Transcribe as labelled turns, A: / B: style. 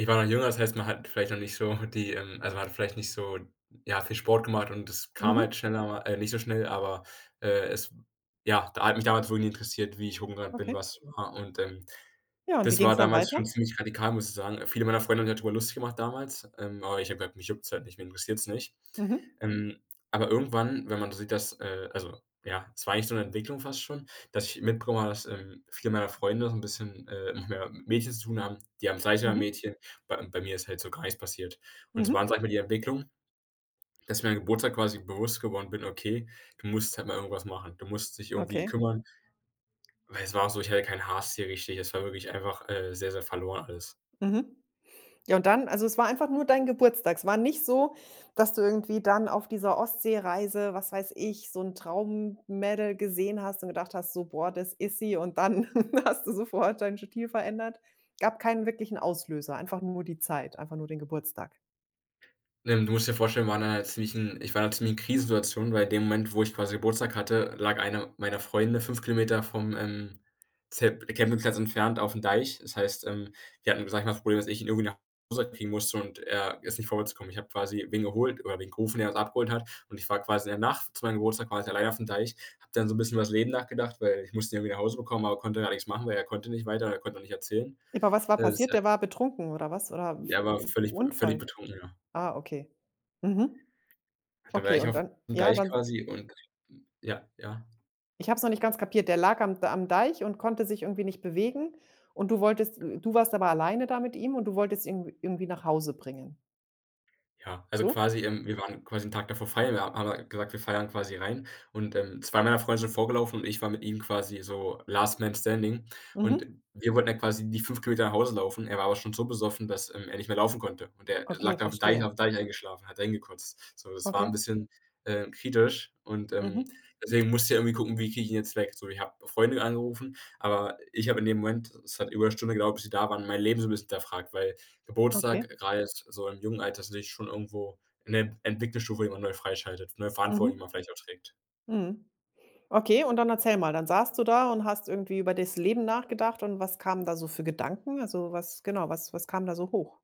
A: Ich war noch jünger, das heißt, man hat vielleicht noch nicht so die, ähm also, man hat vielleicht nicht so, ja, viel Sport gemacht und das kam halt
B: Mhm.
A: schneller mal äh, nicht so schnell, aber, äh, es ja, da hat mich damals wohl nie interessiert, wie ich rumgerannt bin,
B: Okay.
A: was war. Und, ähm,
B: Ja, und wie
A: das war
B: ging's dann
A: damals
B: weiter?
A: schon ziemlich radikal, muss ich sagen, äh, viele meiner Freunde haben sich da drüber Lust gemacht damals, ähm, aber ich habe gesagt: „Mich juckt’s halt nicht, mich interessiert’s nicht.“
B: Mhm.
A: Ähm, aber irgendwann, wenn man so sieht, dass, äh also, ja, es war eigentlich so ‘ne Entwicklung fast schon, dass ich mitbekommen habe, dass, ähm, viele meiner Freunde so 'n bisschen, äh, mehr mit Mädchen zu tun haben, die haben [unintelligible]
B: Mhm.
A: Mädchen, und bei bei mir ist halt so gar nichts passiert. Und zwar,
B: Mhm.
A: sage ich mal, die Entwicklung, dass ich meinem Geburtstag quasi bewusst geworden bin: „Okay, du musst halt mal irgendwas machen. Du musst dich irgendwie
B: Okay.
A: kümmern.“ Weil es war auch so, ich hatte kein Hass hier richtig, es war wirklich einfach, äh, sehr, sehr verloren alles.
B: Mhm. Ja, und dann also, es war einfach nur dein Geburtstag. Es war nicht so, dass du irgendwie dann auf dieser Ostseereise, was weiß ich, so 'n Traum-Mädel gesehen hast und gedacht hast, so: „Boah, das ist sie“, und dann hast du sofort deinen Stil verändert. Gab keinen wirklichen Auslöser, einfach nur die Zeit, einfach nur den Geburtstag.
A: Ähm, du musst dir vorstellen, war in ’ner ziemlichen ich war in ’ner ziemlichen Krisensituation, weil in dem Moment, wo ich quasi Geburtstag hatte, lag einer meiner Freunde 5 km vom, ähm, Zeltp äh, Campingplatz entfernt auf’m Deich. Das heißt, ähm, wir hatten, sage ich mal, Probleme, dass ich ihn irgendwie nach Hause kriegen musste und er ist nicht vorwärts gekommen. Ich habe quasi wen geholt oder wen gerufen, der uns abgeholt hat. Und ich war quasi in der Nacht zu meinem Geburtstag quasi alleine auf’m Deich, habe dann so ’n bisschen über das Leben nachgedacht, weil ich musste ihn irgendwie nach Hause bekommen, aber konnte gar nichts machen, weil er konnte nicht weiter, er konnte auch nicht erzählen.
B: Aber was war
A: Äh, das ist
B: passiert?
A: halt
B: Der war betrunken oder was? Oder v
A: der war
B: äh,
A: völlig äh, völlig
B: Unfall?
A: betrunken, ja.
B: Ah, okay. Mhm.
A: Da war
B: Okay,
A: ich
B: und
A: auf’m
B: dann ja,
A: Deich
B: dann
A: quasi und ja, ja.
B: Ich habe es noch nicht ganz kapiert, der lag am D am Deich und konnte sich irgendwie nicht bewegen. Und du wolltest hm, du warst aber alleine da mit ihm und du wolltest ihn w irgendwie nach Hause bringen.
A: Ja, also
B: So?
A: quasi, ähm wir waren quasi ’n Tag davor feiern. Wir haben haben halt gesagt: „Wir feiern quasi rein.“ Und, ähm, 2 meiner Freunde sind vorgelaufen und ich war mit ihm quasi so Last Man Standing. Und
B: Mhm.
A: wir wollten ja quasi die 5 km nach Hause laufen. Er war aber schon so besoffen, dass, ähm, er nicht mehr laufen konnte. Und der
B: Okay,
A: lag da auf‘m Deich
B: verstehe.
A: auf‘m Deich eingeschlafen, hat da hin gekotzt. So, das war
B: Okay.
A: 'n bisschen, äh, kritisch und, ähm,
B: Mhm.
A: deswegen musste ich irgendwie gucken: „Wie kriege ich ihn jetzt weg?“ So, ich habe Freunde angerufen, aber ich habe in dem Moment es hat über ’ne Stunde gedauert, bis sie da waren, mein Leben so 'n bisschen hinterfragt. Weil
B: Okay.
A: Geburtstag, äh, grade so im jungen Alter, also sich schon irgendwo in der Entwicklungsstufe immer neu freischaltet, ne? Verantwortung, die
B: Mhm.
A: man vielleicht auch trägt.
B: Mhm. Okay, und dann erzähl mal, dann saßt du da und hast irgendwie über des Leben nachgedacht und was kamen da so für Gedanken? Also, was genau, was was kam da so hoch?